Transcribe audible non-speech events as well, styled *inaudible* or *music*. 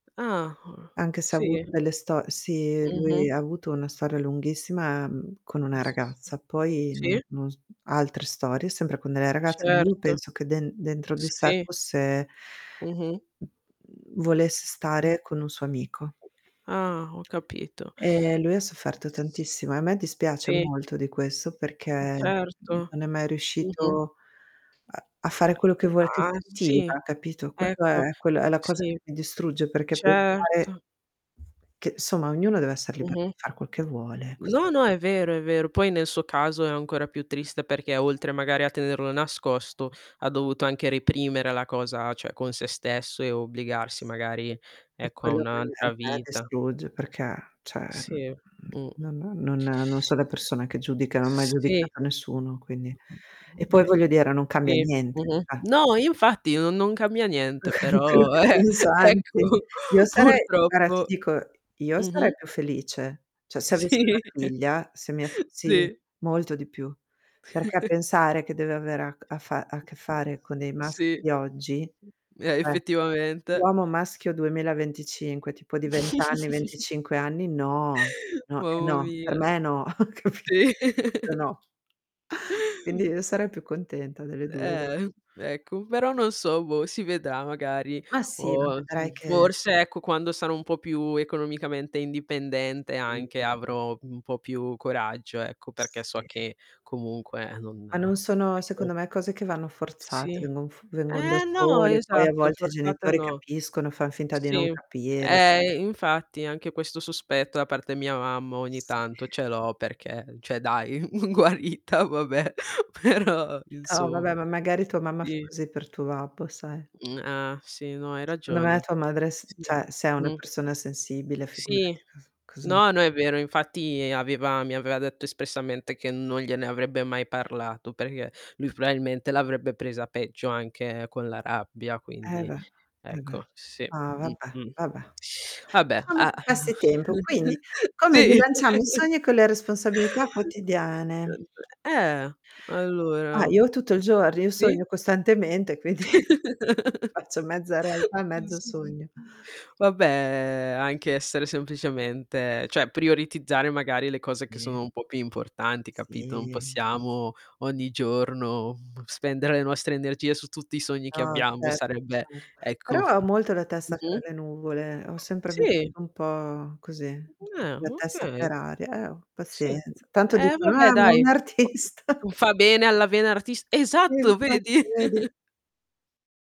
Ah, Anche se ha avuto sì. delle sto sì, Mh-mh lui ha avuto una storia lunghissima, mhmm, con una ragazza, poi non Sì. no s altre storie, sempre con delle ragazze, ma io Certo. penso che den dentro di sé Sì. fosse Mh-mh. Mhmm, volesse Oh. stare con un suo amico. Ah...Ho capito. Ehm, lui ha sofferto tantissimo, e a me dispiace Sì. molto di questo, perché, Mh, certo. mhmm, non è mai Mh-mh. riuscito a a fare quello che vuoi che Ah, sì, sentiva, capito? Quello ecco. è quello è la cosa Sì. che mi distrugge, perché pensare Certo. che somma ognuno deve esser libero Mh-mh. di far quel che vuole, ec No, no è vero, è vero. Poi nel suo caso è ancora più triste, perché oltre magari a tenerlo nascosto, ha dovuto anche reprimere la cosa cioè, con se stesso, e obbligarsi Sì. magari, È ecco, a quello un' che a altra me vita. distrugge perché, cioè, Sì, mh. mhmm, mhmm, no no non non so le persona che giudica, non ho mai Sì. giudicato nessuno, quindi... *unintelligible* E poi Eh. voglio dire, non cambia Si, niente, mh-mh. cioè. No, io infatti, non non cambia niente, Tranquillo però che eh-eh, ecco, *unintelligible* Io sarei guarda ti purtroppo. dico, io sarei Mh-mh. più felice. Cioè, se avessi una Sì. figlia, se mia f sì, Sì. molto di più. Perché *chuckles* pensare che deve avere a a fa a che fare *unintelligible* con dei maschi Sì. di oggi, Eh, eh! effettivamente. Uomo maschio 2025, tipo di 20 anni, *chuckles* 25 anni, no! No, è Mamma no, per mia. me è no, ho capi Sì. Proprio *laughs* no. Quindi io sarei più contenta delle 2 gua Eh, ecco, però non so, boh, si vedrà magari. Ma sì, ma O, vedrai mhmm, che forse, ecco, quando sarò un po' più economicamente indipendente anche, Sì. avrò un po' più coraggio, ecco. Perché so Sì eh. che comunque non Ah non sono ecco. secondo me cose che vanno Sì. forzate, vengon f vengon da Eh no, sole, poi a esatto, volte i forzata genitori no. capiscono, fan finta di non Sì, capire. ehm, infatti anche questo sospetto da parte mia, mamma, ogni Sì. tanto ce l'ho, perché, cioè dai, uhm, guarita, vabbè, però, Toh, insomma. vabbè, ma magari tua mamma fa I così per tuo babbo, sai? Uhm, ah, sì, no hai Secondo me ragione. tua madre s Sì, cioè, se è una mh. persona sensibile Sì. figurati cos cosa... No, no è vero, infatti aveva mi aveva detto espressamente che non gliene avrebbe mai parlato, perché lui probabilmente l'avrebbe presa peggio, anche con la rabbia, Eh quindi... beh, eh beh, Ecco, sì. ma, *sucks teeth* vabbè. Mh-mh. Vabbè. Vabbè. Lasciamo A che passi tempo. *chuckles* Quindi: come sì. bilanciamo i *chuckles* sogni con le responsabilità quotidiane? Niente. Eh! Ah, Allora. io tutto il gior io Sì? sogno costantemente, quindi *chuckles* faccio mezza realtà e Non so mezzo di sogno. *unintelligible* Vabbè, anche essere semplicemente cioè, prioritizzare magari le cose che *unintelligible* sono un po' più importanti, capito? Non Sì. possiamo, ogni giorno, uhm, spendere le nostre energie su tutti i sogni che No, abbiamo, e certo, sarebbe cer ecco. Però ho molto la testa fra Mh-mh. le nuvole, ho sempre Sì. vissuto un po' così, un *unintelligible* po' Eh, con la testa okay. per aria. Eh oh, Sì. pazienza. Tanto Eh dicono: "Eh, ma vabbè, è un dai, troppo artista". non fa bene alla vena artis Sì, esatto, infatti, vedi? vedi. *chuckles*